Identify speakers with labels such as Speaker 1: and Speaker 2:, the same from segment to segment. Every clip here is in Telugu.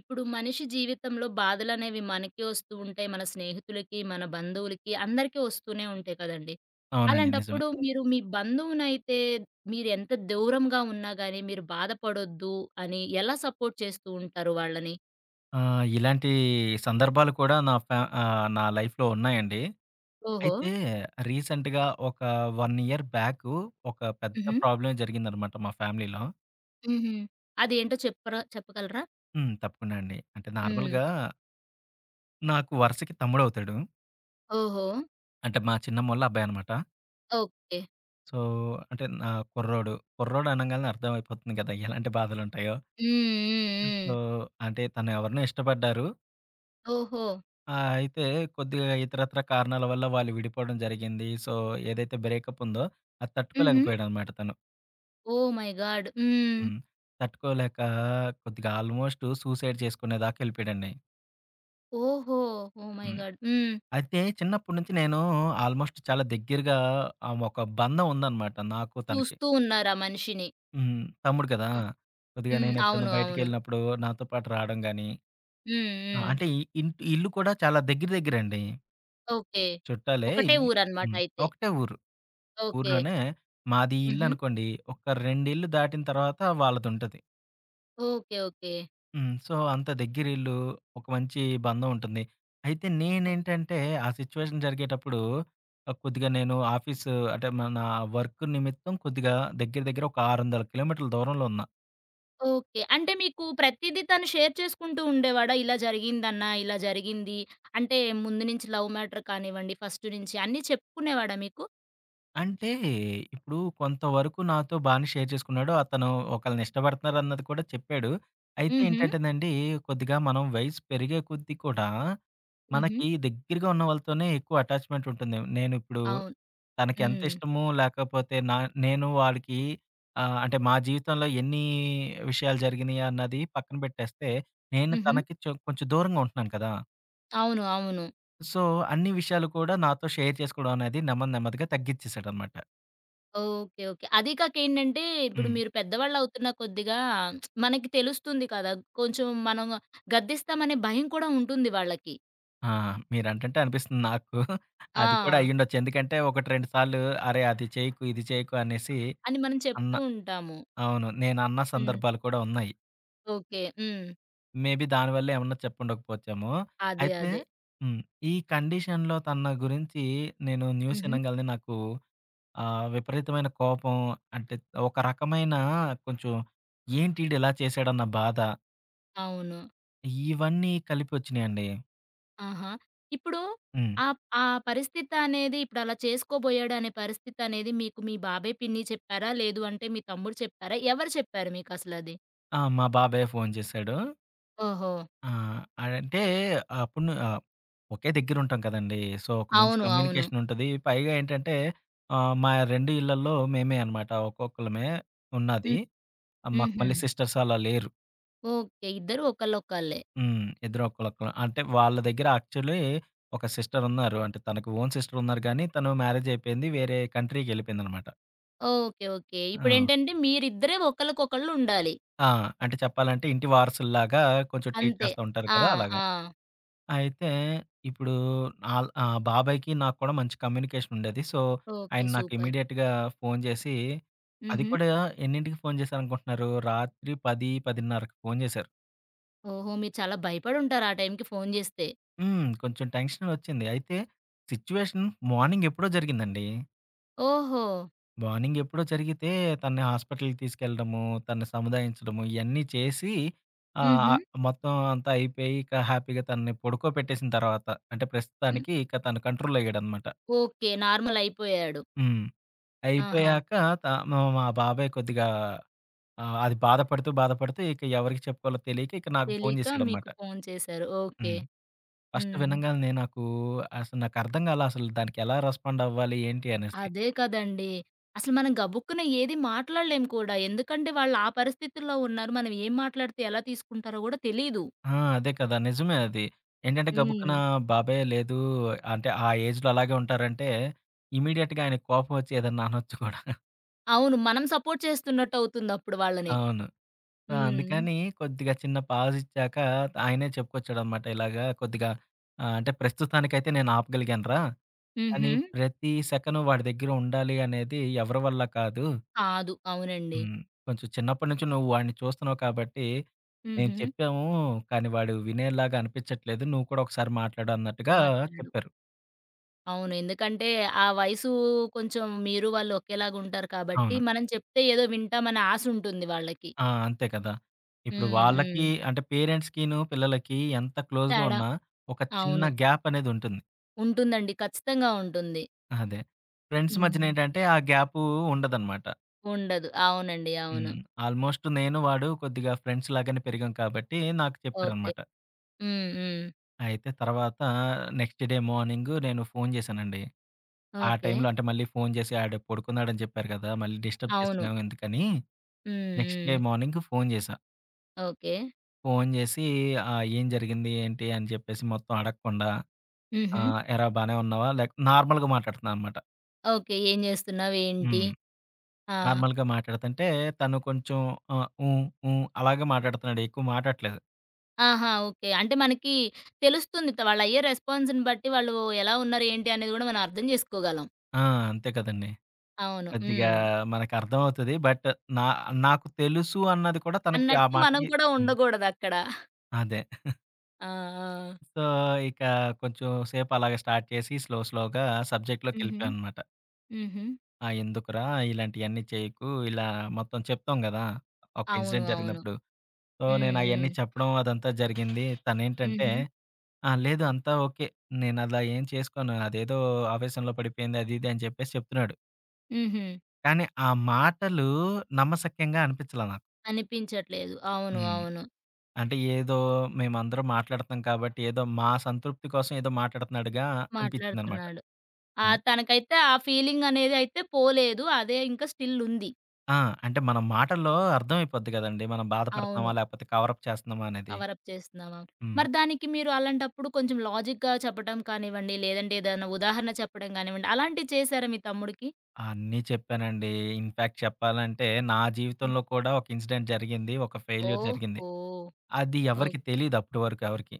Speaker 1: ఇప్పుడు మనిషి జీవితంలో బాధలనేవి మనకి వస్తూ ఉంటాయి, మన స్నేహితులకి, మన బంధువులకి అందరికీ వస్తూనే ఉంటాయి కదండీ!
Speaker 2: అవునండి. నిజమే.
Speaker 1: అలాంటప్పుడు మీరు మీ బంధువునైతే మీరెంత దూరంగా ఉన్నా గాని మీరు బాధపడొద్దు అని ఎలా సపోర్ట్ చేస్తూ ఉంటారు వాళ్ళని?
Speaker 2: ఆ! ఇలాంటి సందర్భాలు కూడా నా ఫ్యా ఆహ్, నా లైఫ్‌లో ఉన్నాయండి.
Speaker 1: ఓహో!
Speaker 2: అయితే రీసెంట్‌గా ఒక 1 ఇయర్ బ్యాకు ఒక పెద్ద
Speaker 1: హుహు.
Speaker 2: ప్రాబ్లమే జరిగిందనమాట మా ఫ్యామిలీలో.
Speaker 1: హుహు. అదేంటో చెప్పరా-చెప్పగలరా?
Speaker 2: హ్మ్. తప్పకుండా అండి. అంటే
Speaker 1: హ్మ్.
Speaker 2: నార్మల్‌గా నాకు వరసకి తమ్ముడవుతాడు.
Speaker 1: ఓహో!
Speaker 2: అంటే మా చిన్నమ్మోళ్ళ అబ్బాయనమాట.
Speaker 1: ఓకే.
Speaker 2: సో, అంటే నా కుర్రోడు. కుర్రోడు అనంగానే అర్థమైపోతుంది కదా! ఎలాంటి బాధలుంటయో!
Speaker 1: హ్మ్. హ్మ్.
Speaker 2: సో,
Speaker 1: హ్మ్.
Speaker 2: అంటే తను ఎవరినో ఇష్టపడ్డారు.
Speaker 1: ఓహో!
Speaker 2: ఆ! అయితే కొద్దిగా ఇతరితర కారణాల వల్ల వాళ్ళు విడిపోడం జరిగింది. సో, ఏదైతే బ్రేకప్పుందో అది
Speaker 1: హుహు.
Speaker 2: తట్టుకోలేకపోయాడనమాట తను.
Speaker 1: ఓహ్! My god. హ్మ్.
Speaker 2: హ్మ్. తట్టుకోలేక కొద్దిగా ఆల్మోస్టూ సూసైడ్ చేసుకునేదాకా ఎళ్ళిపోయాడండి.
Speaker 1: ఓహో! ఓహ్ మై
Speaker 2: హ్మ్.
Speaker 1: గాడ్! హ్మ్.
Speaker 2: అయితే, చిన్నప్పుడు నుంచి నేనూ ఆల్మోస్ట్ చాలా దగ్గిరగా ఆహ్, ఒక బంధం ఉందనమాట నాకు తనకి.
Speaker 1: చూస్తూ ఉన్నారు ఆ మనిషిని.
Speaker 2: హ్మ్. తమ్ముడు గదా!
Speaker 1: హ్మ్.
Speaker 2: కొద్దిగా
Speaker 1: హ్మ్.
Speaker 2: నేనెప్పుడన్నా
Speaker 1: అవును. అవును.
Speaker 2: బయటికెళ్ళినప్పుడూ నాతో పాటు రాడం గానీ,
Speaker 1: హ్మ్.
Speaker 2: ఆహ్,
Speaker 1: హ్మ్.
Speaker 2: అంటే ఇ ఇంట్ ఈ ఇల్లు కూడా చాలా దెగ్గిర దెగ్గిరేండి.
Speaker 1: ఓకే.
Speaker 2: చుట్టాలే,
Speaker 1: ఒకటే
Speaker 2: ఇల్ హ్మ్.
Speaker 1: ఊరనమాటయితే.
Speaker 2: ఒకటే ఊరు.
Speaker 1: ఓకే.
Speaker 2: ఊర్లోనే, మాదీ
Speaker 1: హుహు.
Speaker 2: ఇల్లనుకోండి, ఒక రెండిళ్లుు దాటిన తర్వాత వాళ్ళదుంటది.
Speaker 1: ఓకే. ఓకే.
Speaker 2: హ్మ్. సో, అంత దెగ్గిరిళ్ళు, ఒక మంచీ బంధవుంటంది. అయితే
Speaker 1: హ్మ్.
Speaker 2: నేనేంటంటే, ఆ సిచ్యువేషన్ జరిగేటప్పుడూ, ఆహ్, కొద్దిగా నేను ఆఫీసు అంటే, మా నా వర్కు నిమిత్తం కొద్దిగా దెగ్గిర దెగ్గిర ఒక 600 కిలోమీటర్ల దూరంలో ఉన్నా.
Speaker 1: ఓకే. అంటే, మీకు ప్రతిదీ తను షేర్ చేసుకుంటూ ఉండేవాడా? "ఇలా జరిగిందన్నా, ఇలా జరిగింది," అంటే ముందు నుంచి లవ్ మ్యాటర్ కానివ్వండి, ఫస్టు నుంచి అన్నీ చెప్పుకునేవాడా మీకు?
Speaker 2: అంటే, ఇప్పుడు కొంతవరకు నాతో బానే షేర్ చేసుకున్నాడు. అతను ఒకళ్ళని ఇష్టపడతన్నారన్నది కూడా చెప్పాడు. అయితే
Speaker 1: హుహు.
Speaker 2: ఏంటంటేనండీ, కొద్దిగా మనం వయసు పెరిగే కొద్దీ కూడా,
Speaker 1: హుహు.
Speaker 2: మనకి దెగ్గిరగా ఉన్న వాళ్ళతోనే ఎక్కువ అటాచ్‌మెంటుంటుండదేమో! నేనుప్పుడు
Speaker 1: అవును.
Speaker 2: తనకి
Speaker 1: హ్మ్.
Speaker 2: ఎంతిష్టమో లేకపోతే నా నేను వాడికీ, ఆహ్, అంటే మా జీవితంలో ఎన్నీ విషయాలు జరిగినియన్నది పక్కన బెట్టేస్తే, నేను
Speaker 1: హుహు.
Speaker 2: తనకి చొ కొంచెం దూరంగా ఉంటన్నాను కదా!
Speaker 1: అవును. అవును.
Speaker 2: సో, అన్ని విషయాలు కూడా నాతో షేర్ చేసుకోవడం అనేది నెమ్మది నెమ్మదిగా తగ్గి చేసాడనమాట.
Speaker 1: ఓకే. ఓకే. అది కాక ఏంటంటే, ఇప్పుడు
Speaker 2: హ్మ్.
Speaker 1: మీరు పెద్దవాళ్ళు అవుతున్న కొద్దిగా, మనకి తెలుస్తుంది కదా! కొంచెం మనం గద్దిస్తామనే భయం కూడా ఉంటుంది వాళ్ళకి.
Speaker 2: ఆ! మీరంటుంటే, అనిపిస్తుంది నాకు. అది కూడా
Speaker 1: ఆ!
Speaker 2: అయ్యుండొచ్చు. ఎందుకంటే, ఒకటి రెండు సార్లు అరే! అది చేయ్యకు, ఇది చేయకు అనేసి,
Speaker 1: అని మనం
Speaker 2: అన్న
Speaker 1: చెప్తూ ఉంటాము.
Speaker 2: అవును. నేనన్న
Speaker 1: హ్మ్.
Speaker 2: సందర్భాలు కూడా ఉన్నాయి.
Speaker 1: ఓకే. హ్మ్.
Speaker 2: మేబీ దాని వల్లే ఏమన్నా చెప్పుండకపోచ్చేమో.
Speaker 1: అదే.
Speaker 2: అయితే
Speaker 1: అదే.
Speaker 2: హ్మ్. ఈ కండిషన్‌లో తన గురించి, నేను న్యూస్
Speaker 1: హుహు.
Speaker 2: ఇనంగాలినే నాకు, ఆహ్, విపరీతమైన కోపం అంటే, ఒక రకమైన కొంచెం ఏంటిడిలా చేశాడన్న బాధ.
Speaker 1: అవును.
Speaker 2: ఇవన్నీ కలిపొచ్చినియండి.
Speaker 1: ఆహా! ఇప్పుడు.
Speaker 2: హ్మ్.
Speaker 1: ఆ ఆ పరిస్థితనేది, ఇప్పుడు అలా చేసుకోబోయాడనే పరిస్థితనేది, మీకు మీ బాబాయ్, పిన్ని చెప్పారా? లేదు అంటే మీ తమ్ముడు చెప్పారా? ఎవరు చెప్పారు మీకసలది?
Speaker 2: ఆ! "మా బాబాయే ఫోన్ చేశాడు."
Speaker 1: ఓహో!
Speaker 2: ఆ! అంటే, ఆప్పును ఆహ్, ఒకే దగ్గర ఉంటాం కదండి. సో, ఒక మంచి
Speaker 1: అవును. అవును.
Speaker 2: కమ్యూనికేషనుంటది. పైగా ఏంటంటే, ఆహ్, మా 2 ఇళ్లల్లో మేమేనమాట, ఒక్కొక్కళ్ళమే, ఉన్నది.
Speaker 1: హ్మ్.
Speaker 2: ఆ! మాకు
Speaker 1: హుహు.
Speaker 2: మళ్ళీ సిస్టర్సలా లేరు.
Speaker 1: ఓకే. ఇద్దరు ఒకళ్ళొకళ్ళే.
Speaker 2: హ్మ్. ఇద్దరు ఒక్కళ్ళొక్కళ్ళు. అంటే వాళ్ళ దగ్గర యాక్చువల్లీ ఒక సిస్టరున్నారు. అంటే తనకు ఓన్ సిస్టరున్నారు గానీ తను మ్యారేజయిపోయింది. వేరే కంట్రీకెళ్ళిపోయిందనమాట.
Speaker 1: ఓకే. ఓకే.
Speaker 2: ఆ!
Speaker 1: ఇప్పుడేంటంటే మీరిద్దరే ఒకళ్ళకొకళ్ళు ఉండాలి.
Speaker 2: ఆ! అంటే చెప్పాలంటే ఇంటి వారసుల్లాగా కొంచెం ట్రీట్
Speaker 1: అంతే.
Speaker 2: చేస్తా ఉంటారు
Speaker 1: ఆ!
Speaker 2: కదా! అలాగా.
Speaker 1: ఆ!
Speaker 2: అయితే ఇప్పుడు ఆల్ ఆ బాబాయికి నాకు కూడా మంచి కమ్యూనికేషనుండేది. సో, ఆయన
Speaker 1: ఓకే.
Speaker 2: నాకు
Speaker 1: సూపర్.
Speaker 2: ఇమ్మీడియేట్‌గా ఫోను చేసి అది
Speaker 1: హుహు.
Speaker 2: కూడా ఎన్నింటికి ఫోను చేశారనుకుంటున్నారు రాత్రి 10, 10:30కి ఫోను చేశారు.
Speaker 1: ఓహో! మీరు చాలా భయపడుంటారు ఆ టైంకి ఫోను జేస్తే.
Speaker 2: హ్మ్. కొంచెం టెన్షన్ వచ్చింది. అయితే, సిట్యుయేషన్ మార్నింగెప్పుడో జరిగిందండి.
Speaker 1: ఓహో!
Speaker 2: మార్నింగెప్పుడో జరిగితే తనని హాస్పిటల్‌కి తీసుకెళ్ళడము, తనను సముదాయించడము ఇయన్నీ చేసి ఆహ్, ఆ!
Speaker 1: హుహు.
Speaker 2: మొత్తం అంతా అయిపోయి ఇక హ్యాపీగా తనని పడుకోబెట్టేసిన తర్వాత. అంటే
Speaker 1: హ్మ్.
Speaker 2: ప్రస్తుతానికి ఇక తను కంట్రోలయ్యాడనమాట.
Speaker 1: ఓకే. నార్మల్ అయిపోయాడు.
Speaker 2: హ్మ్.
Speaker 1: ఆహా!
Speaker 2: అయిపోయాక త మా మా బాబాయ్ కొద్దిగా, ఆహ్, అది బాధపడుతూ, బాధపడుతూ ఇక ఎవరికి చెప్పుకోవాలో తెలియక ఇక నాకు ఫోను
Speaker 1: తెలియక
Speaker 2: చేశాడనమాట.
Speaker 1: మీకు ఫోను చేశారు. ఓకే.
Speaker 2: హ్మ్. ఫస్ట్
Speaker 1: హ్మ్.
Speaker 2: వినంగాలనే నాకు అసలు నాకు అర్థం కాలా అసలు దానికి ఎలా రెస్పాండవ్వాలి? ఏంటి అనేసి?
Speaker 1: అదే కదండీ. అసలు మనం గబుకున్న ఏది మాట్లాడలేం కూడా. ఎందుకంటే వాళ్ళా పరిస్థితుల్లో ఉన్నారు. మనం ఏం మాట్లాడితే ఎలా తీసుకుంటారో కూడా తెలీదు.
Speaker 2: ఆ! అదే కదా! నిజమే అది. ఏంటంటే గబుక్కున
Speaker 1: హ్మ్.
Speaker 2: బాబాయి లేదు అంటే ఆ ఏజ్‌లో అలాగే ఉంటారంటే ఇమ్మీడియేట్‌గా ఆయనకి కోపం వచ్చి ఏదన్నా అనొచ్చు కూడా.
Speaker 1: అవును. మనం సపోర్ట్ చేస్తున్నట్టవుతుందప్పుడు వాళ్ళని.
Speaker 2: అవును. సో,
Speaker 1: హ్మ్.
Speaker 2: అందుకని కొద్దిగా చిన్న పాజిచ్చాక, ఆయనే చెప్పుకొచ్చాడనమాట ఇలాగా కొద్దిగా ఆహ్, అంటే "ప్రస్తుతానికైతే నేను ఆపగలిగానురా. కానీ,
Speaker 1: హుహు.
Speaker 2: ప్రతి సెకను వాడి దగ్గర ఉండాలి అనేది ఎవరి వల్ల కాదు."
Speaker 1: కాదు. అవునండి.
Speaker 2: హ్మ్. కొంచెం చిన్నప్పటి నుంచి నువ్వు వాడిని చూస్తున్నావు కాబట్టి, మేం
Speaker 1: హుహు.
Speaker 2: చెప్పాము, కానీ వాడు వినేలాగా అనిపించట్లేదు." నువ్వు కూడా ఒకసారి మాట్లాడు అన్నట్టుగా
Speaker 1: మాట్లాడు.
Speaker 2: చెప్పారు."
Speaker 1: అవును. ఎందుకంటే, ఆ వయసూ కొంచెం మీరు వాళ్ళు ఒకేలాగా ఉంటారు కాబట్టి
Speaker 2: అవును.
Speaker 1: మనం చెప్తే ఏదో వింటామనే ఆశుంటుంది వాళ్ళకి.
Speaker 2: ఆ! అంతే కదా! ఇప్పుడు
Speaker 1: హ్మ్.
Speaker 2: వాళ్ళకి,
Speaker 1: హ్మ్.
Speaker 2: అంటే, పేరెంట్స్‌కిను, పిల్లలకి ఎంత క్లోజ్‌గా
Speaker 1: తేడా.
Speaker 2: ఉన్నా, ఒక చిన్న
Speaker 1: అవును.
Speaker 2: గ్యాపనేదుంటుంది.
Speaker 1: ఉంటుందండి. ఖచ్చితంగా ఉంటుంది.
Speaker 2: అదే. ఫ్రెండ్స్ మధ్యన
Speaker 1: హ్మ్.
Speaker 2: ఏంటంటే, ఆ గ్యాపు ఉండదనమాట.
Speaker 1: ఉండదు. అవునండి. అవును.
Speaker 2: హ్మ్. ఆల్మోస్ట్ నేను వాడు కొద్దిగా ఫ్రెండ్స్ లాగానే పెరిగాం కాబట్టి, నాకు
Speaker 1: ఓకే.
Speaker 2: చెప్పారనమాట.
Speaker 1: హ్మ్, హ్మ్.
Speaker 2: అయితే తర్వాత, నెక్స్ట్ డే మార్నింగు నేను ఫోను చేశానండి. ఆ
Speaker 1: ఓకే.
Speaker 2: టైంలో అంటే, మళ్ళీ ఫోను చేసి ఆడు పడుకున్నాడని చెప్పారు కదా! మళ్ళీ డిస్టర్బ్
Speaker 1: అవును.
Speaker 2: చేస్తున్నాం ఎందుకని,
Speaker 1: హ్మ్,
Speaker 2: నెక్స్ట్ డే
Speaker 1: హ్మ్.
Speaker 2: మార్నింగు ఫోను చేశా.
Speaker 1: ఓకే.
Speaker 2: ఫోను చేసి ఆహ్, ఏం జరిగింది ఏంటి? అని చెప్పేసి మొత్తం అడగకుండా, ఆ!
Speaker 1: హుహు.
Speaker 2: ఎరా బానే ఉన్నావా? లేక నార్మల్‌గా మాట్లాడుతన్నాననమాట.
Speaker 1: ఓకే. ఏం చేస్తున్నావు? ఏంటి?
Speaker 2: హ్మ్.
Speaker 1: ఆ!
Speaker 2: నార్మల్‌గా మాట్లాడుతంటే తను కొంచెం ఆ, హ్మ్, హ్మ్ అలాగే మాట్లాడుతున్నాడు. ఎక్కువ మాటాట్లేదు.
Speaker 1: ఆహా! ఓకే. అంటే మనకి తెలుస్తుందిట వాళ్ళయ్యే రెస్పాన్స్‌ని బట్టి వాళ్ళు ఎలా ఉన్నారు? ఏంటి? అనేది కూడా మనం అర్థం చేసుకోగలం.
Speaker 2: ఆ! అంతే కదండీ!
Speaker 1: అవును.
Speaker 2: కొద్దిగా
Speaker 1: హ్మ్.
Speaker 2: మనకర్థమవుతది. బట్టు నా నాకు తెలుసు అన్నది కూడా తనకి ఆ
Speaker 1: అన్నట్టు మనం
Speaker 2: మాటకి
Speaker 1: కూడా
Speaker 2: హ్మ్.
Speaker 1: ఉండకూడదక్కడ.
Speaker 2: అదే.
Speaker 1: ఆ! ఆ!
Speaker 2: సో, ఇక కొంచెం సేపు అలాగ స్టార్ట్ చేసి స్లో, స్లోగా
Speaker 1: హుహు.
Speaker 2: సబ్జెక్ట్‌‌లోకెళ్ళిపోయావనమాట.
Speaker 1: హుహు.
Speaker 2: ఆ! ఎందుకురా! ఇలాంటియన్నీ చేయకు ఇలా మొత్తం చెప్తాం కదా! ఒక
Speaker 1: అవును.
Speaker 2: ఇన్సిడెంట్
Speaker 1: అవును.
Speaker 2: జరిగినప్పుడు. సో,
Speaker 1: హ్మ్.
Speaker 2: నేను అయన్నీ
Speaker 1: హ్మ్.
Speaker 2: చెప్పడం అదంతా జరిగింది. తనేంటంటే,
Speaker 1: హుహు.
Speaker 2: "ఆ! లేదు. అంతా ఓకే. నేనలా ఏం చేసుకోను అదేదో ఆవేశంలో పడిపోయింది" అది ఇది అని చెప్పేసి చెప్తున్నాడు.
Speaker 1: హుహు.
Speaker 2: కానీ ఆ మాటలు నమ్మసక్యంగా అనిపించలే నాకు.
Speaker 1: అనిపించట్లేదు. అవును.
Speaker 2: హ్మ్.
Speaker 1: అవును.
Speaker 2: అంటే ఏదో మేమందరం మాట్లాడుతన్నాం కాబట్టి ఏదో మా సంతృప్తి కోసం ఏదో మాట్లాడుతున్నడుగా అనిపించిందనమాట.
Speaker 1: మాట్లాడుతున్నాడు. ఆహ్,
Speaker 2: హ్మ్.
Speaker 1: తనకైతే ఆ ఫీలింగనేది అయితే పోలేదు. అదే ఇంకా స్టిల్లుంది.
Speaker 2: ఆ! అంటే మన మాటల్లో అర్థమైపోద్ది గదండి! మనం బాధపడుతున్నామా?
Speaker 1: అవును.
Speaker 2: లేకపోతే కవరప్ చేస్తున్నామా అనేది?
Speaker 1: కవర‌ప్ చేస్తున్నావా?
Speaker 2: హ్మ్.
Speaker 1: మరి దానికి మీరు అలాంటప్పుడు కొంచెం లాజిక్‌గా చెప్పటం కానివ్వండి లేదంటే ఏదైనా ఉదాహరణ చెప్పడం గానివ్వండి అలాంటియి చేశారా మీ తమ్ముడికి?
Speaker 2: అన్నీ చెప్పానండి. ఇన్‌ఫ్యాక్ట్ చెప్పాలంటే నా
Speaker 1: హ్మ్.
Speaker 2: జీవితంలో కూడా ఒక ఇన్సిడెంట్ జరిగింది. ఒక ఫెయిల్యూర్ జరిగింది.
Speaker 1: ఓహో!
Speaker 2: అది
Speaker 1: ఓక్
Speaker 2: ఎవరికి తెలీదు అప్పటి వరకు ఎవరికి.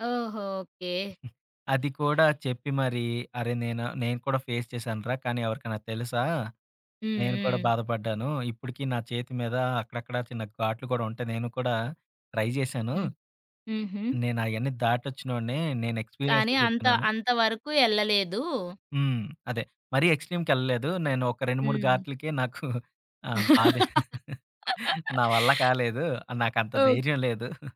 Speaker 1: ఓహో! ఓకే.
Speaker 2: అది కూడా చెప్పి మరి "అరే నేను, నేను కూడా ఫేస్ చేశానురా కానీ ఎవరికన్నా తెలుసా?
Speaker 1: హ్మ్.
Speaker 2: నేను కూడా
Speaker 1: హ్మ్.
Speaker 2: బాధపడ్డాను. ఇప్పటికి నా చేతి మీద అక్కడక్కడ చిన్న ఘాట్లు కూడా ఉంటాయి నేను కూడా ట్రై జేశాను.
Speaker 1: హ్మ్. హుహు.
Speaker 2: నేనయన్నీ దాటొచ్చినోడినే నేను
Speaker 1: కానీ
Speaker 2: ఎక్స్‌పీరియన్స్‌తో
Speaker 1: అంత
Speaker 2: చెప్తున్నాను".
Speaker 1: అంతవరకు ఎళ్ళలేదు.
Speaker 2: హ్మ్. అదే. మరీ ఎక్స్‌ట్రీమ్‌కెళ్ళలేదు. నేను ఒక 2, 3
Speaker 1: హ్మ్.
Speaker 2: గాట్లుకే నాకు ఆ! బాధే. నా వల్ల కాలేదు. నాకు అంత
Speaker 1: ఓహ్
Speaker 2: ధైర్యం లేదు.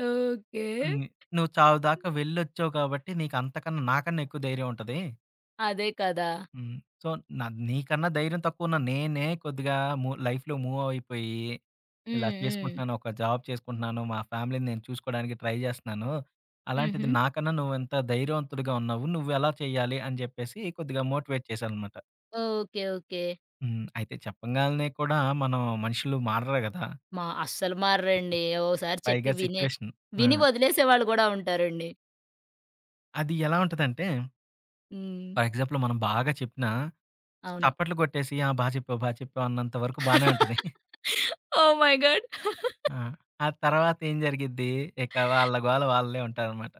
Speaker 1: ఓకే.
Speaker 2: హ్మ్. నువ్వు చావుదాకా వెళ్ళొచ్చావు కాబట్టి నీకు అంతకన్నా నాకన్నా ఎక్కువ ధైర్యం ఉంటది.
Speaker 1: అదే కదా!
Speaker 2: హ్మ్. సో న నీకన్నా ధైర్యం తక్కువున్న నేనే కొద్దిగా మూ లైఫ్‌లో మూవ్ అయిపోయి. ఇలా
Speaker 1: హ్మ్. హ్మ్.
Speaker 2: చేసుకుంటున్నాను. ఒక జాబ్ చేసుకుంటున్నాను. మా ఫ్యామిలీని నేను చూసుకోడానికి ట్రై జేస్తున్నాను. అలాంటిది
Speaker 1: హుహు.
Speaker 2: నాకన్నా నువ్వు ఎంత ధైర్యవంతుడిగా ఉన్నావు. నువ్వు ఎలా చేయాలి? అని చెప్పేసి కొద్దిగా మోటివేట్ చేశాననమాట.
Speaker 1: ఓహ్! ఓకే. ఓకే.
Speaker 2: హ్మ్. అయితే చెప్పంగాల్నే కూడా మనం మనుషులు మారరు గదా!
Speaker 1: మా అస్సలు మారురండి. ఓసారి చెప్పి
Speaker 2: పైగా
Speaker 1: వినే
Speaker 2: సిట్యుయేషన్. ఆ!
Speaker 1: విని వదిలేసేవాాళ్ళు గూడా ఉంటారండి.
Speaker 2: అది ఎలా ఉంటందంటే?
Speaker 1: హ్మ్.
Speaker 2: ఫర్ ఎగ్జాంపులు మనం బాగా చెప్పినా,
Speaker 1: అవును.
Speaker 2: చప్పట్లు గోట్టేసి ఆ! బా చెప్పావు, బా చెప్పావు అన్నంత వరకు బానే ఉంటది.
Speaker 1: ఓ! My god.
Speaker 2: ఆ! ఆ తర్వాత ఏం జరిగిద్డి. ఇక వాళ్ళ గోల వాళ్లే ఉంటారనమాట.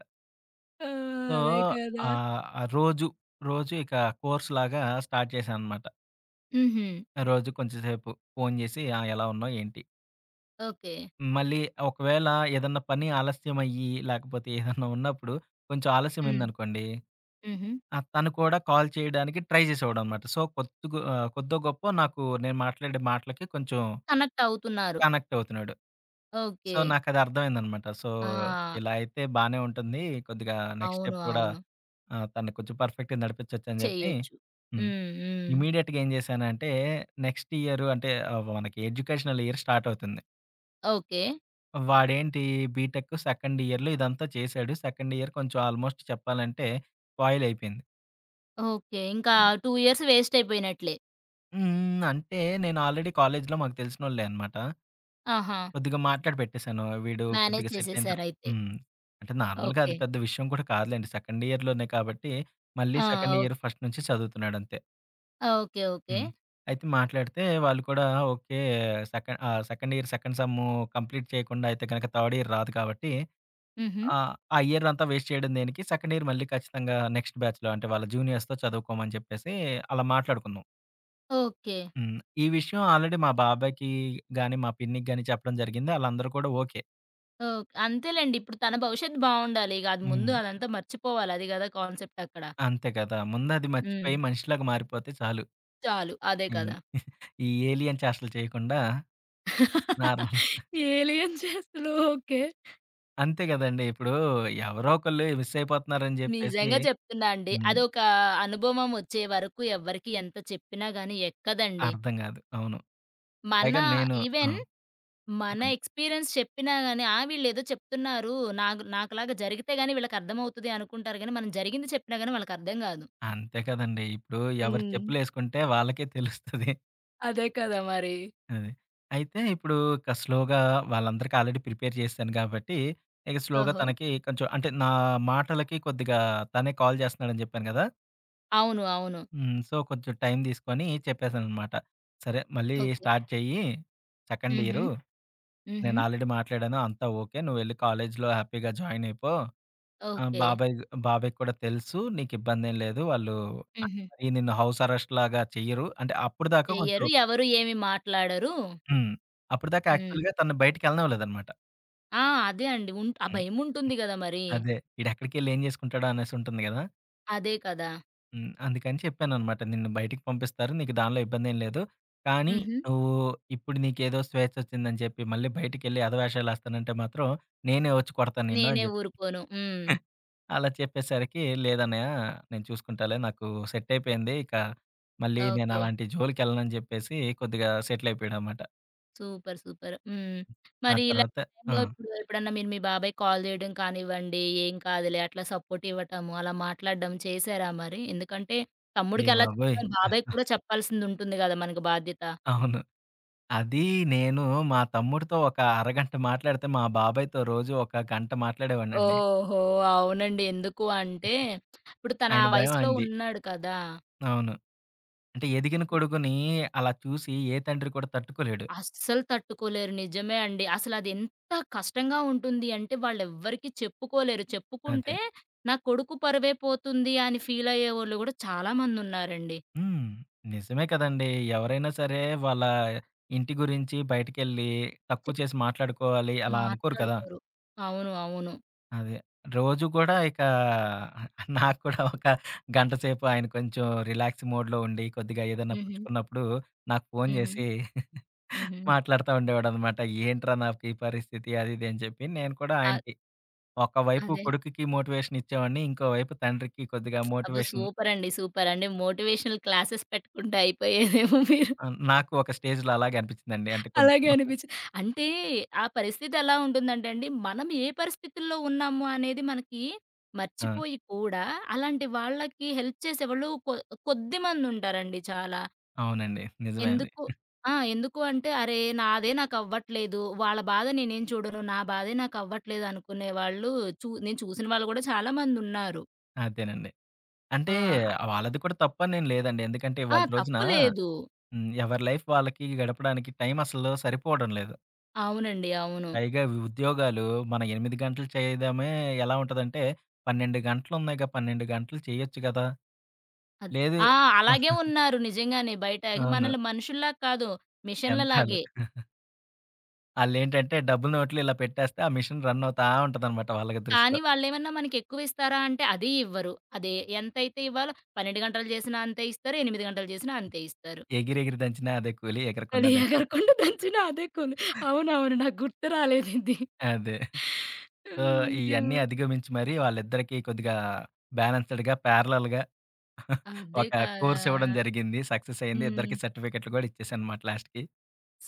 Speaker 1: ఆ!
Speaker 2: సో,
Speaker 1: అదే కదా!
Speaker 2: ఆహ్, రోజు, రోజు ఇక కోర్స్‌లాగా స్టార్ట్ జేశాననమాట.
Speaker 1: హుహు.
Speaker 2: రోజు కొంచెంసేపు, ఫోను జేసి ఆ! ఎలా ఉన్నావు? ఏంటి?
Speaker 1: ఓకే.
Speaker 2: మళ్ళీ ఒకవేళ ఏదన్నా పని ఆలస్యమయ్యి, లేకపోతే ఏదన్నా ఉన్నప్పుడు కొంచెం
Speaker 1: హ్మ్.
Speaker 2: ఆలస్యమైందనుకోండి.
Speaker 1: హుహు.
Speaker 2: ఆ! తను కూడా కాల్ చేయడానికి ట్రై జేసేవాడనమాట. సో, కోద్దుగో ఆహ్, కోద్దో, గొప్పో నాకు, నేను మాట్లాడే మాటలకి కొంచెం,
Speaker 1: కనక్టవుతున్నారు.
Speaker 2: కనెక్టవుతున్నాడు. So,
Speaker 1: okay.
Speaker 2: నాకు అదర్థమైందనమాట. సో,
Speaker 1: ఆ!
Speaker 2: ఇలాయితే బానే ఉంటుంది. కొద్దిగా నెక్స్ట్
Speaker 1: అవును.
Speaker 2: స్టెప్ కూడా,
Speaker 1: అవును.
Speaker 2: ఆ తన్ని కొంచెం పర్ఫెక్ట్‌గా నడిపించోచ్చని జేప్పి.
Speaker 1: చేయొచ్చు.
Speaker 2: హ్మ్.
Speaker 1: హ్మ్. హ్మ్.
Speaker 2: ఇమ్మీడియట్‌గేంశానంటే, నెక్స్ట్ ఇయరు అంటే, ఆ! మనకి ఎడ్యుకేషనల్ ఇయర్ స్టార్టవుతుంది.
Speaker 1: ఓకే.
Speaker 2: వాడేంటి బీటెక్ సెకండ్ ఇయర్‌లో ఇదంతా చేశాడు. సెకండ్ ఇయర్ కొంచెం ఆల్మోస్ట్ చెప్పాలంటే స్పాయిల్ అయిపోయింది.
Speaker 1: ఓకే. ఇంకా 2 ఇయర్స్ వేస్ట్ అయిపోయినట్లే.
Speaker 2: హ్మ్. అంటే నేను ఆల్రెడీ కాలేజీలో మాకు తెలిసినోళ్ళే అనమాట.
Speaker 1: ఆహా!
Speaker 2: కొద్దిగా మాట్లాడి పెట్టేశాను. వీడు
Speaker 1: మేనేజ్
Speaker 2: కొద్దిగా సెట్ అయింత
Speaker 1: చేసేసారయితే.
Speaker 2: హ్మ్. అంటే నార్మల్‌గా అది
Speaker 1: ఓకే.
Speaker 2: పెద్ద విషయం కూడా కాదులెండి. సెకండ్ ఇయర్‌లోనే కాబట్టి మళ్ళీ
Speaker 1: ఆ!
Speaker 2: Second year
Speaker 1: okay.
Speaker 2: ఫస్ట్ నుంచి చదువుతున్నాడంతే.
Speaker 1: ఓకే. ఓకే.
Speaker 2: హ్మ్. అయితే మాట్లాడితే వాళ్ళు కూడా okay, sec ah, second year second sem complete చేయకుండా అయితే గనక థర్డ్ ఇయర్ రాదు కాబట్టి
Speaker 1: హుహు.
Speaker 2: ఆహ్, ఆ ఇయర్ అంతా వేస్ట్ చేయడం దేనికి, సెకండ్ ఇయర్ మళ్ళీ ఖచ్చితంగా నెక్స్ట్ బ్యాచ్‌లో అంటే వాళ్ళ జూనియర్స్‌తో చదువుకోమని చెప్పేసి అలా మాట్లాడుకున్నాం.
Speaker 1: ఓకే.
Speaker 2: హ్మ్. ఈ విషయం ఆల్రెడీ మా బాబాయికి గాని, మా పిన్నికి గాని చెప్పడం జరిగింది. ఆళ్ళందరూ కూడా ఓకే.
Speaker 1: ఓక్ అంతేలెండి. ఇప్పుడు తన భవిష్యత్తు బావుండాలి. అది ముందు
Speaker 2: హ్మ్.
Speaker 1: అదంతా మర్చిపోవాలి అది కదా కాన్సెప్టక్కడ.
Speaker 2: అంతే కదా! ముందది
Speaker 1: హ్మ్.
Speaker 2: మర్చిపోయి మనిషిలాగా మారిపోతే చాలు.
Speaker 1: చాలు. అదే కదా!
Speaker 2: ఈ ఏలియన్ చేష్టలు చేయకుండా నార్మల్
Speaker 1: ఏలియన్ చేష్టలు, ఓకే.
Speaker 2: అంతే కదండీ. ఇప్పుడు ఎవరో ఒకళ్ళు మిస్సయిపోతున్నారని చెప్పేసి
Speaker 1: నిజంగా చెప్తున్నా అండి.
Speaker 2: హ్మ్.
Speaker 1: అదొక అనుభవం వచ్చే వరకు ఎవ్వరికీ ఎంత చెప్పినా గాని ఎక్కదండి.
Speaker 2: అర్థం కాదు. అవును.
Speaker 1: మన
Speaker 2: పైగా నేను ఆ!
Speaker 1: ఈవెన్ మన
Speaker 2: చెప్పండి.
Speaker 1: ఎక్స్పీరియన్స్ చెప్పినా గాని, "ఆ! వీళ్లేదో చెప్తున్నారు. నాకు నాకులాగా జరిగితే గాని వీళ్ళకర్థమవుతది" అనుకుంటారు గానీ, మనం జరిగింది చెప్పినా గాని వాళ్ళకర్థం కాదు.
Speaker 2: అంతే కదండీ. ఇప్పుడు ఎవరు
Speaker 1: హ్మ్.
Speaker 2: చెప్పులేసుకుంటే వాళ్ళకే తెలుస్తది.
Speaker 1: అదే కదా మరి!
Speaker 2: అది. అయితే ఇప్పుడు ఇక స్లోగా వాళ్ళందరికి ఆల్రెడీ ప్రిపేర్ చేశసాను కాబట్టి. ఇక స్లోగా,
Speaker 1: ఓహో!
Speaker 2: తనకి కొంచెం అంటే నా మాటలకి కొద్దిగా తనే కాల్ చేస్తున్నాడని చెప్పాను కదా!
Speaker 1: అవును. అవును.
Speaker 2: హ్మ్. సో కొంచెం టైం తీసుకొని చెప్పేసాననమాట. సరే! మళ్ళీ
Speaker 1: ఓకే.
Speaker 2: స్టార్ట్ చెయ్యి. సెకండ్
Speaker 1: హుహు.
Speaker 2: ఇయరు.
Speaker 1: హుహు.
Speaker 2: నేను ఆల్రెడీ మాట్లాడాను. అంతా ఓకే. నువెళ్ళి కాలేజ్‌లొ హ్యాపీగా జాయిన్ అయిపో. ఆ!
Speaker 1: ఓకే.
Speaker 2: బాబాయ్ బాబాయ్‌కి కూడా తెలుసు. నీకు ఇబ్బందేం లేదు. వాళ్ళు ఆ
Speaker 1: హుహు.
Speaker 2: మరి నిను హౌస్ అరెస్ట్ లాగా చెయ్యరు. అంటే అప్పటిదాకా కొంచెం
Speaker 1: చెయ్యరు. ఎవరు ఏమి మాట్లాడరు.
Speaker 2: హ్మ్. అప్పటిదాకా
Speaker 1: హ్మ్.
Speaker 2: యాక్చువల్‌గా తనను బయటికి ఎళ్ళనివ్వలేదనమాట.
Speaker 1: ఆ! అదే అండి. ఉంట్ ఆ
Speaker 2: హ్మ్.
Speaker 1: భయం ఉంటుంది గద మరి.
Speaker 2: అదే. ఈడెక్కడికెళ్ళ ఏం చేసుకుంటాడా. అనేసి ఉంటుంది కదా!
Speaker 1: అదే కదా!
Speaker 2: హ్మ్. అందుకని చెప్పాననమాట. నిన్ను బయటికి పంపిస్తారు. నీకు దానిలో ఇబ్బందేమి లేదు. కానీ
Speaker 1: హుహు.
Speaker 2: నువ్వు ఇప్పుడు నీకేదో స్వేచ్ఛ వచ్చిందని చెప్పి మళ్ళీ బయటికెళ్ళి ఎధవేషాలేస్తానంటే మాత్రం. నేనే వచ్చి కొడతాను నిన్ను అని
Speaker 1: నేనే
Speaker 2: చెప్పి
Speaker 1: ఊరుకోను. హ్మ్.
Speaker 2: అలా చెప్పేసరికి. లేదన్నయ! నేను చూసుకుంటాలే నాకు సెట్ అయిపోయింది. ఇక మళ్ళీ నేను
Speaker 1: ఓకే.
Speaker 2: అలాంటి జోలికెళ్ళనని చెప్పేసి కొద్దిగా సెటిల్ అయిపోయాడనమాట.
Speaker 1: Super, super. హ్మ్.
Speaker 2: హ్మ్. ఆ
Speaker 1: మరి ఇలాంటి
Speaker 2: తర్వాత ఆ!
Speaker 1: టైములోప్పుడు, ఎప్పుడన్నా మీరు మీ బాబాయికి కాల్ చేయడం కానివ్వండి, ఏం కాదులే అట్లా సపోర్టివ్వటము, అలా మాట్లాడడం చేశారా మరి? ఎందుకంటే,
Speaker 2: అయ్య
Speaker 1: తమ్ముడికి ఎలా
Speaker 2: బాబోయ్!
Speaker 1: చెప్పారో, బాబాయికి కూడా చెప్పాల్సిందుంటుంది కదా మనకి బాధ్యత.
Speaker 2: అవును. అది నేను, మా తమ్ముడితో ఒక అరగంట మాట్లాడితే, మా బాబాయితో రోజు ఒక గంట మాట్లాడేవాడినండి.
Speaker 1: ఓహో! అవునండి. ఎందుకు అంటే, ఇప్పుడు తను
Speaker 2: ఆయన
Speaker 1: ఆ
Speaker 2: భయం
Speaker 1: వయసులో
Speaker 2: అయనది.
Speaker 1: ఉన్నాడు కదా!
Speaker 2: అవును. అంటే, ఎదిగిన కొడుకుని అలా చూసి, ఏ తండ్రి కూడా తట్టుకోలేడు.
Speaker 1: అస్సలు తట్టుకోలేరు, నిజమే అండి. అసలది ఎంత కష్టంగా ఉంటుంది అంటే, వాళ్లెవ్వరికీ చెప్పుకోలేరు.
Speaker 2: అదే.
Speaker 1: చెప్పుకుంటే, నా కొడుకు పరువేపోతుంది. అని ఫీలయ్యేవోళ్ళు కూడా చాలామందున్నారండ
Speaker 2: హ్మ్. నిజమే కదండీ. ఎవరైనా సరే, వాళ్ళ ఇంటి గురించి బయటికెళ్ళి,
Speaker 1: చె
Speaker 2: తక్కువ చేసి మాట్లాడుకోవాలి అలా అనుకోరు కదా!
Speaker 1: మాట్లాడుకోరు. అవును. అవును.
Speaker 2: అదే. రోజు కూడా ఇకా, నాకు కూడా ఒక గంటసేపు ఆయన కొంచెం రిలాక్స్ మోడ్‌లో ఉండి, కొద్దిగా ఏదైనా
Speaker 1: హుహు.
Speaker 2: పుచ్చుకున్నప్పుడు, నాకు ఫోను
Speaker 1: హుహు.
Speaker 2: చేసి
Speaker 1: హుహు.
Speaker 2: మాట్లాడుతా ఉండేవాడనమాట. "ఏంట్రా, నాకు ఈ పరిస్థితి" అదిదని చెప్పి, నేను కూడా
Speaker 1: ఆ
Speaker 2: ఆయనకి ఒకవైపు
Speaker 1: అదే.
Speaker 2: కొడుకుకి మోటివేషనిచ్చేవాడిని, ఇంకోవైపు తండ్రికి కొద్దిగా
Speaker 1: అబ్బో!
Speaker 2: మోటివేషన్
Speaker 1: సూపరండి. సూపరండి. మోటివేషనల్ క్లాసెస్ పెట్టుకుంటే, అయిపోయారేమో మీరు.
Speaker 2: ఆ! నాకు ఒక స్టేజ్‌లో అలాగ అనిపించిందండి. అంటే, కొంచెం
Speaker 1: అలాగే అనిపిచ్చి అంటే, ఆ పరిస్థితి ఎలా ఉంటుందంటేండి, మనం ఏ పరిస్థితుల్లో ఉన్నాము అనేది మనకి,
Speaker 2: ఆ!
Speaker 1: మర్చిపోయి కూడా అలాంటి వాళ్ళకి హెల్ప్ చేసేవాళ్ళు కొ కొద్దిమందుంటారండి చాలా.
Speaker 2: అవునండి. నిజమే అది.
Speaker 1: ఎందుకు
Speaker 2: హ్మ్.
Speaker 1: ఆ! ఎందుకు అంటే, అరే! నాదే నాకవ్వట్లేదు, వాళ్ళ బాధ నేనేం చూడను. నా బాధే నాకవ్వట్లేదు, అనుకునే వాళ్ళు చూ నేను చూసిన వాళ్ళు కూడా, చాలామందున్నారు.
Speaker 2: అదేనండి. అంటే
Speaker 1: ఆ!
Speaker 2: వాళ్ళది కూడా తప్పనేం లేదండి. ఎందుకంటే,
Speaker 1: ఆ!
Speaker 2: ఇవాళ్టి రోజునా,
Speaker 1: తప్పు లేదు.
Speaker 2: హ్మ్. ఎవరి లైఫ్ వాళ్ళకి గడపడానికి టైం అసలు సరిపోవడం లేదు.
Speaker 1: అవునండి. అవును.
Speaker 2: పైగా ఉ ఉద్యోగాలు మనం 8 గంటలు చేయదమే ఎలా ఉంటదంటే, 12 గంటలు ఉన్నాయిగా 12 గంటలు చేయొచ్చు కదా!
Speaker 1: అద్
Speaker 2: లేదు
Speaker 1: ఆ! అలాగే ఉన్నారు నిజంగానే బయట ఇక
Speaker 2: అవును.
Speaker 1: మనల్ని మనుషుల్లాగా కాదు
Speaker 2: యంత్రాలు.
Speaker 1: మిషన్లలాగే.
Speaker 2: ఆళ్ళేంటంటే డబ్బు నోట్లు ఇలా పెట్టేస్తే, ఆ మిషన్ రన్ అవుతా ఉంటదనమాట వాళ్ళకి దృష్టిలో.
Speaker 1: కానీ, వాళ్ళెమన్నా మనకి ఎక్కువి ఇస్తారా అంటే, అదీ ఇవ్వరు. అదే ఎంతైతే ఇవ్వాలో 12 గంటలు చేసినా అంతే ఇస్తారు. 8 గంటలు చేసినా అంతే ఇస్తారు.
Speaker 2: ఎగిరి ఎగిరి దంచినా అదే కూలి ఎగరకున్న
Speaker 1: అది
Speaker 2: దంచినా
Speaker 1: ఎగరకుండా దంచిన అదే కూలి అవునవును. నాకు గుర్తు రాలేదు ఇది.
Speaker 2: అదే. సో,
Speaker 1: అయ్యో!
Speaker 2: ఇయన్నీ అధిగమించి మరి, వాళ్ళిద్దరికి కొద్దిగా బ్యాలెన్స్‌డ్‌గా, ప్యారలల్
Speaker 1: అదే
Speaker 2: ఒక
Speaker 1: కదా!
Speaker 2: కోర్స్ ఇవ్వడం జరిగింది. సక్సెస్ అయింది. ఇద్దరికి
Speaker 1: హ్మ్.
Speaker 2: సర్టిఫికెట్లు కూడా ఇచ్చేసానమాట లాస్ట్‌కి.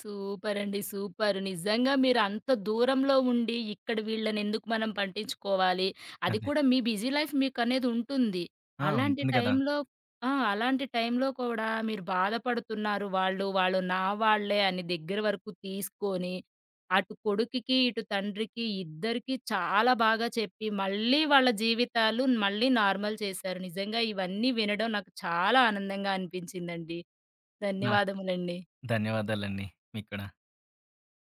Speaker 1: సూపరండి. సూపర్. నిజంగా మీరు అంత దూరంలో ఉండి, ఇక్కడ వీళ్ళన ఎందుకు మనం పట్టించుకోవాలి. అది
Speaker 2: అదే.
Speaker 1: కూడా మీ బిజీ లైఫ్ మీకనేది ఉంటుంది.
Speaker 2: ఆ!
Speaker 1: అలాంటి
Speaker 2: ఉంటుంది కదా!
Speaker 1: టైం‌లో ఆ! అలాంటి టైంలో కూడా మీరు బాధపడుతున్నారు వాళ్ళు వాళ్ళు నా వాళ్ళే అన్ని దగ్గర వరకు తీసుకొని, అటు కొడుకికి, ఇటు తండ్రికి ఇద్దరికి చాలా బాగా చెప్పి మళ్ళీ వాళ్ళ జీవితాలు మళ్ళీ నార్మల్ చేశారు. నిజంగా ఇవన్నీ వినడం నాకు చాలా ఆనందంగా అనిపించిందండి.
Speaker 2: నా
Speaker 1: ధన్యవాదములండి.
Speaker 2: ధన్యవాదాలండి. మీకు కూడా.